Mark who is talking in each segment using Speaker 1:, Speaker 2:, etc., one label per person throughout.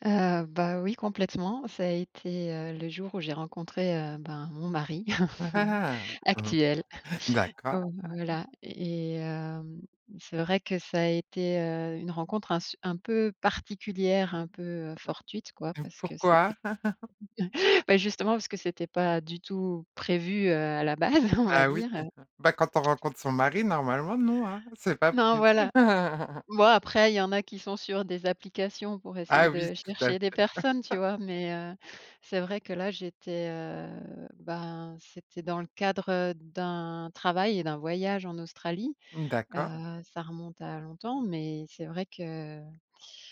Speaker 1: Heu bah, oui, complètement. Ça a été, heu, le jour où j'ai rencontré, heu, ben, mon mari
Speaker 2: Mmh mh.
Speaker 1: actuel.
Speaker 2: D'accord.
Speaker 1: Heu, voilà et hem, c'est vrai que ça a été, heu, une rencontre un se un peu particulière, un peu, heu, fortuite, quoi,
Speaker 2: Heu et
Speaker 1: parce que c'était
Speaker 2: pourquoi?
Speaker 1: bah, justement, parce que c'était pas du tout prévu, heu, à la base, on va
Speaker 2: Ah oui,
Speaker 1: dire, heu
Speaker 2: bah, quand on rencontre son mari, normalement non, hein, c'est pas
Speaker 1: Non,
Speaker 2: prévu.
Speaker 1: voilà. Moi, après, il y en a qui sont sur des applications pour essayer
Speaker 2: Ah oui,
Speaker 1: de
Speaker 2: tout à
Speaker 1: chercher
Speaker 2: fait.
Speaker 1: des personnes, tu vois mais heu, c'est vrai que, là, j'étais, heu, ben, c'était dans le cadre, heu, d'un travail et d'un voyage en Australie.
Speaker 2: D'accord.
Speaker 1: Heu, ça remonte à longtemps mais c'est vrai que,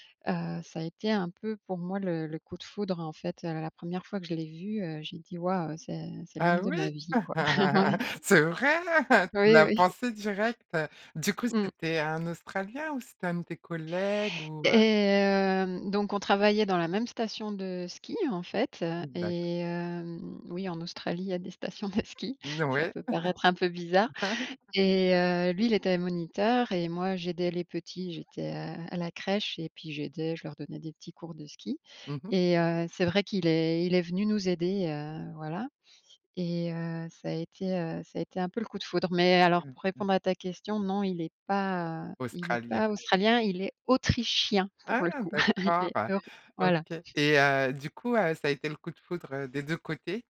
Speaker 1: heu, ça a été un peu pour moi le le coup de foudre, en fait, heu, la 1re fois que je l'ai vu, heu, j'ai dit: «Waouh, c'est c'est l'homme
Speaker 2: Ah
Speaker 1: de
Speaker 2: oui?
Speaker 1: ma vie, quoi». Ouais.
Speaker 2: C'est vrai? Tu
Speaker 1: Oui,
Speaker 2: l'as
Speaker 1: oui.
Speaker 2: pensé, direct? Du coup,
Speaker 1: Mmh.
Speaker 2: c'était un Australien ou c'était un de tes collègues, ou
Speaker 1: Et
Speaker 2: heu?
Speaker 1: hem donc on travaillait dans la même station de ski, en fait
Speaker 2: D'acc
Speaker 1: et hem, oui, en Australie, il y a des stations de ski,
Speaker 2: N
Speaker 1: ça
Speaker 2: ouais.
Speaker 1: peut paraître un peu bizarre et heu, lui, il était moniteur et moi, j'aidais les petits, j'étais, heu, à la crèche et puis j'aidais je leur donnais des petits cours de ski.
Speaker 2: Mmh mh.
Speaker 1: Et heu, c'est vrai qu'il est il est venu nous aider, heu, voilà et heu, ça a été, heu, ça a été un peu le coup de foudre. Mais alors
Speaker 2: Mmh
Speaker 1: pour
Speaker 2: mh.
Speaker 1: répondre à ta question, non il est pas, heu, il est
Speaker 2: Australien.
Speaker 1: pas australien, il est autrichien,
Speaker 2: Ah,
Speaker 1: pour le coup, il
Speaker 2: d'accord,
Speaker 1: est euro voilà.
Speaker 2: OK et heu, du coup, heu, ça a été le coup de foudre, heu, des 2 côtés?